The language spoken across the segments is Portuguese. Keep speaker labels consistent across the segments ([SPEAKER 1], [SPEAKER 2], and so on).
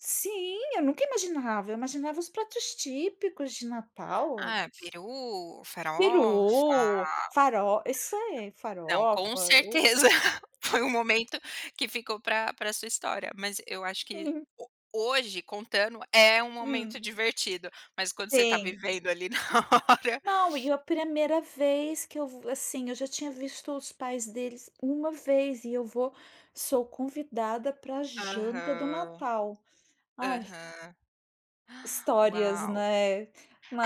[SPEAKER 1] Sim, eu nunca imaginava. Eu imaginava os pratos típicos de Natal
[SPEAKER 2] Ah, peru, farofa.
[SPEAKER 1] peru, faro isso aí,
[SPEAKER 2] Não, com
[SPEAKER 1] farofa, o
[SPEAKER 2] certeza. Foi um momento que ficou pra pra sua história, mas eu acho que
[SPEAKER 1] Sim.
[SPEAKER 2] ho hoje, contando, é um momento
[SPEAKER 1] Hum.
[SPEAKER 2] divertido. Mas quando você tá
[SPEAKER 1] Sim.
[SPEAKER 2] vivendo ali na hora.
[SPEAKER 1] Não, e a 1ª vez que eu assim, eu já tinha visto os pais deles 1 vez e eu vou sou convidada pra janta do
[SPEAKER 2] Aham,
[SPEAKER 1] Natal, ai
[SPEAKER 2] aham.
[SPEAKER 1] Histórias,
[SPEAKER 2] Uau!
[SPEAKER 1] né.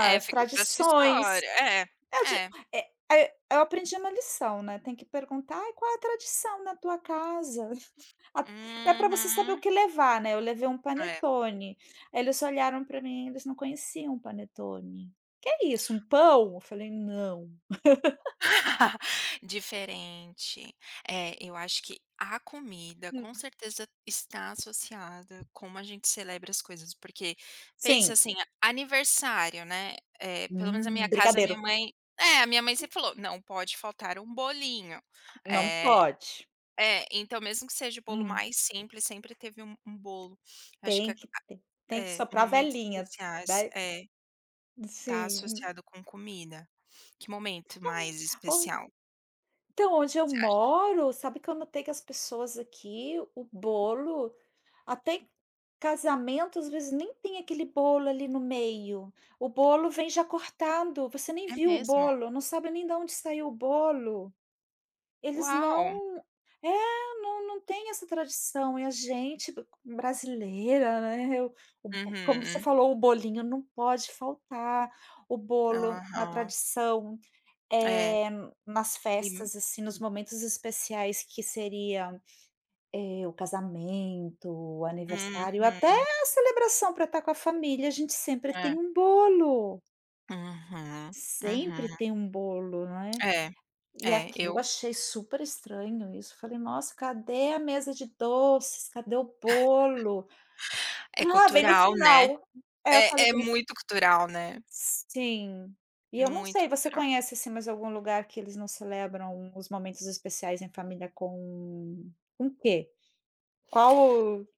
[SPEAKER 2] É, ficou pra sua
[SPEAKER 1] tradições.
[SPEAKER 2] história. É,
[SPEAKER 1] A ge
[SPEAKER 2] é.
[SPEAKER 1] é é eu aprendi uma lição, né. Tem que perguntar: "Ai, qual é a tradição na tua casa?". A até pra você saber o
[SPEAKER 2] Uhum.
[SPEAKER 1] que levar, né. Eu levei 1
[SPEAKER 2] É.
[SPEAKER 1] panetone. Aí eles olharam pra mim e eles não conheciam panetone: "Que isso, um pão?". Eu falei: "Não."
[SPEAKER 2] Diferente. É, eu acho que a comida com
[SPEAKER 1] Hum.
[SPEAKER 2] certeza está associada a como a gente celebra as coisas, porque pensa
[SPEAKER 1] Sim.
[SPEAKER 2] assim: aniversário, né, eh, pelo menos na
[SPEAKER 1] Hum,
[SPEAKER 2] minha casa, a minha
[SPEAKER 1] brigadeiro.
[SPEAKER 2] mãe é, a minha mãe sempre falou: "Não pode faltar um bolinho".
[SPEAKER 1] Não
[SPEAKER 2] Eh,
[SPEAKER 1] pode.
[SPEAKER 2] é então, mesmo que seja o bolo
[SPEAKER 1] Hum.
[SPEAKER 2] mais simples, sempre teve um um bolo. Acho que
[SPEAKER 1] Tem
[SPEAKER 2] a
[SPEAKER 1] que
[SPEAKER 2] a
[SPEAKER 1] ter, tem que
[SPEAKER 2] é, em
[SPEAKER 1] soprar
[SPEAKER 2] momentos
[SPEAKER 1] velinha,
[SPEAKER 2] especiais
[SPEAKER 1] vai
[SPEAKER 2] é, tá
[SPEAKER 1] Sim.
[SPEAKER 2] associado com comida. Que
[SPEAKER 1] É,
[SPEAKER 2] momento mais
[SPEAKER 1] ou
[SPEAKER 2] especial
[SPEAKER 1] Então, onde eu
[SPEAKER 2] você acha?
[SPEAKER 1] moro, sabe que eu notei que as pessoas aqui, o bolo, até casamento às vezes nem tem aquele bolo ali no meio. O bolo vem já cortado, você nem
[SPEAKER 2] É
[SPEAKER 1] viu o
[SPEAKER 2] mesmo?
[SPEAKER 1] bolo, não sabe nem da onde saiu o bolo. Eles
[SPEAKER 2] Uau!
[SPEAKER 1] não é, não não tem essa tradição. E a gente brasileira, né, eu como você
[SPEAKER 2] Uhum.
[SPEAKER 1] falou, o bolinho não pode faltar. O bolo na
[SPEAKER 2] Aham.
[SPEAKER 1] tradição,
[SPEAKER 2] É,
[SPEAKER 1] eh, nas
[SPEAKER 2] e
[SPEAKER 1] festas assim, nos momentos especiais, que seria, eh, o casamento, o aniversário, até
[SPEAKER 2] Uhum.
[SPEAKER 1] a celebração pra tá com a família, a gente sempre
[SPEAKER 2] É.
[SPEAKER 1] tem um bolo.
[SPEAKER 2] Uhum, uhum.
[SPEAKER 1] Sempre tem um bolo, né.
[SPEAKER 2] É,
[SPEAKER 1] E
[SPEAKER 2] é,
[SPEAKER 1] aqui eu
[SPEAKER 2] eu
[SPEAKER 1] achei super estranho isso. Falei: "Nossa, cadê a mesa de doces? Cadê o bolo?".
[SPEAKER 2] É
[SPEAKER 1] "Ah, vem no
[SPEAKER 2] cultural, né?
[SPEAKER 1] final". É, eu falei
[SPEAKER 2] É é
[SPEAKER 1] [unintelligible]
[SPEAKER 2] muito cultural, né?
[SPEAKER 1] Sim, e eu não
[SPEAKER 2] Muito
[SPEAKER 1] sei. Você
[SPEAKER 2] cultural.
[SPEAKER 1] conhece, assim, mais algum lugar que eles não celebram os momentos especiais em família com com quê? Qual o